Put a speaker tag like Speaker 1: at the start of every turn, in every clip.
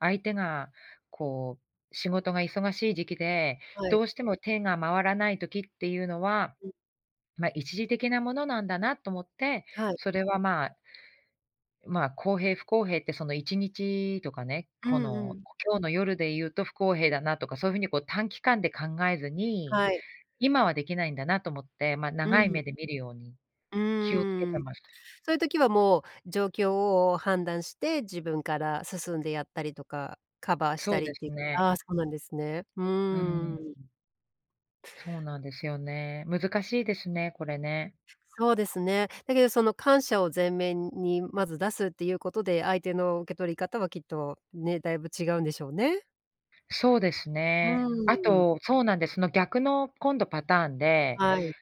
Speaker 1: 相手がこう、仕事が忙しい時期で、
Speaker 2: はい。
Speaker 1: どうしても手が回らない時っていうのは、
Speaker 2: うん。
Speaker 1: ま、一時的なものなんだなと思って、
Speaker 2: はい。
Speaker 1: それはまあまあ、公平、不公平って、その1日とかね、
Speaker 2: う
Speaker 1: こ
Speaker 2: んう
Speaker 1: の、
Speaker 2: ん。
Speaker 1: 今日の夜で言うと不公平だなとか、そういう風にこう、短期間で考えずに、
Speaker 2: はい。
Speaker 1: 今はできないんだなと思って、まあ、
Speaker 2: う
Speaker 1: 長い
Speaker 2: ん。
Speaker 1: 目で見るように、
Speaker 2: う
Speaker 1: 気を付け
Speaker 2: ー
Speaker 1: て
Speaker 2: ん。
Speaker 1: ます。
Speaker 2: そういう時はもう、状況を判断して、自分から進んでやったりとか、カバーし
Speaker 1: そ
Speaker 2: た
Speaker 1: う
Speaker 2: りっ
Speaker 1: で
Speaker 2: て、
Speaker 1: すね。
Speaker 2: ああ、そうなんですね。う
Speaker 1: うー
Speaker 2: ー
Speaker 1: ん。
Speaker 2: ん。
Speaker 1: そうなんですよね、難しいですね、これね。
Speaker 2: そうですね。だけどその感謝を前面にまず出すっていうことで、相手の受け取り方はきっと、ね、だいぶ違うんでしょうね。
Speaker 1: そうです
Speaker 2: う
Speaker 1: ね。あ
Speaker 2: ーん。
Speaker 1: と、そうなんです、その逆の今度パターンで。
Speaker 2: はい。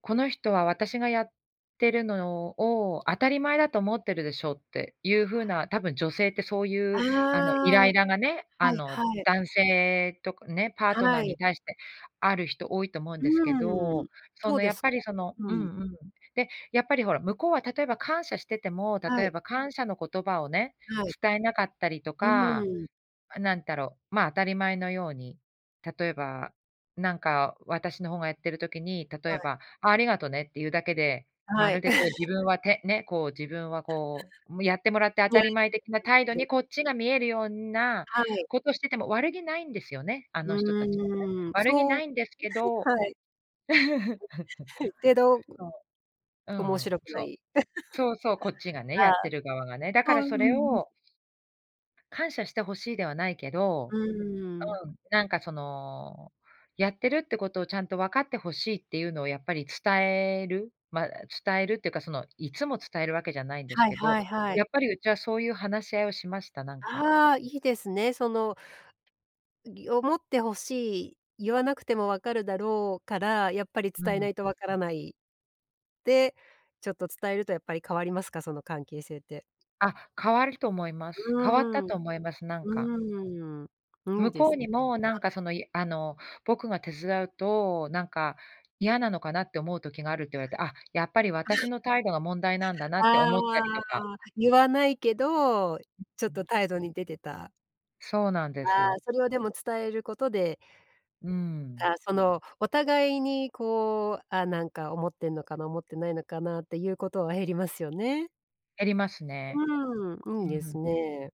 Speaker 1: この人は私がやってるのを当たり前だと思ってるでしょっていう風な、たぶん女性ってそうい
Speaker 2: あ
Speaker 1: う、あの、イ
Speaker 2: あ、
Speaker 1: ラ
Speaker 2: は
Speaker 1: イラがね、あ
Speaker 2: いは
Speaker 1: の、
Speaker 2: い。
Speaker 1: 男性とかね、パートナ
Speaker 2: は
Speaker 1: ーに
Speaker 2: い。
Speaker 1: 対して、ある人多いと思うん
Speaker 2: う
Speaker 1: ですけ
Speaker 2: ー
Speaker 1: ど、
Speaker 2: ん、
Speaker 1: そ
Speaker 2: どう
Speaker 1: の、
Speaker 2: で
Speaker 1: やっ
Speaker 2: す
Speaker 1: ぱ
Speaker 2: か？
Speaker 1: りその
Speaker 2: う
Speaker 1: うん
Speaker 2: ん。
Speaker 1: うん。で、やっぱりほら向こうは、例えば感謝してても、例
Speaker 2: は
Speaker 1: え
Speaker 2: い。
Speaker 1: ば感謝の言葉をね、
Speaker 2: はい。
Speaker 1: 伝えなかったりと
Speaker 2: うー
Speaker 1: か、
Speaker 2: ん。
Speaker 1: あ、なんだろう、まあ、当たり前のように、例えば、なんか私の方がやってる時に、例
Speaker 2: は
Speaker 1: え
Speaker 2: い。
Speaker 1: ば、ありがとねっていうだけで、ま
Speaker 2: はい。
Speaker 1: るでこう、自分 は、て、ね、こう、自分はこう、も、やってもらって当たり前的な態度に、こっちが見えるような
Speaker 2: はい。
Speaker 1: ことしてても悪気ないんですよね、あ
Speaker 2: う
Speaker 1: の人たちはね。
Speaker 2: ーん、
Speaker 1: 悪気
Speaker 2: そ
Speaker 1: な
Speaker 2: う、
Speaker 1: いんですけど。
Speaker 2: は、はい。けど、ぐ、
Speaker 1: そう、う
Speaker 2: 面
Speaker 1: ん。
Speaker 2: 白く
Speaker 1: そ
Speaker 2: な
Speaker 1: う、
Speaker 2: い。
Speaker 1: そうそう、こっち がね、や
Speaker 2: ああ。
Speaker 1: ってる側がね、だか
Speaker 2: そ
Speaker 1: ら
Speaker 2: うそう
Speaker 1: それ
Speaker 2: そう。
Speaker 1: を感謝してほしいではないけ
Speaker 2: う
Speaker 1: ど
Speaker 2: ーん。
Speaker 1: うん、なんかその、やってるってことをちゃんと分かってほしいっていうのをやっぱり伝える、まあ、伝えるっていうか、その、いつも伝えるわけじゃないんです
Speaker 2: はい
Speaker 1: けど、
Speaker 2: はいはい。
Speaker 1: やっぱりうちは、そういう話し合いをしました、なんか。
Speaker 2: ああ、いいですね。その、んぎ、思って欲しい、言わなくても分かるだろうから、やっぱり
Speaker 1: う
Speaker 2: 伝えな
Speaker 1: ん。
Speaker 2: いと分からない。で、ちょっと伝えるとやっぱり変わりますか、その関係性って。
Speaker 1: あ、変わると思いま
Speaker 2: う
Speaker 1: す。変わった
Speaker 2: ーん、う
Speaker 1: と思います、なんか。
Speaker 2: ーん、うん
Speaker 1: 向
Speaker 2: で
Speaker 1: こ
Speaker 2: す
Speaker 1: う
Speaker 2: ね。
Speaker 1: にも、なんか、
Speaker 2: はい。
Speaker 1: その、あの、僕が手伝うと、なんか、嫌なのかなって思う時があるって言
Speaker 2: は
Speaker 1: われて、あ、やっぱり
Speaker 2: い。
Speaker 1: 私 の態度が問題なんだなって
Speaker 2: あ
Speaker 1: 思ったりとか。
Speaker 2: あ、言わないけど、ちょっと 態度に出てた。
Speaker 1: そうなんで
Speaker 2: ああ、
Speaker 1: す。
Speaker 2: それはでも伝えることで
Speaker 1: うー
Speaker 2: あ
Speaker 1: ん。
Speaker 2: あ、そのお互いにこう、あ、なんか思ってんのかな、思ってないのかなっていうことは減りますよね。
Speaker 1: 減りますね。
Speaker 2: うん、い
Speaker 1: う
Speaker 2: いで
Speaker 1: ー
Speaker 2: す
Speaker 1: ん。
Speaker 2: ね。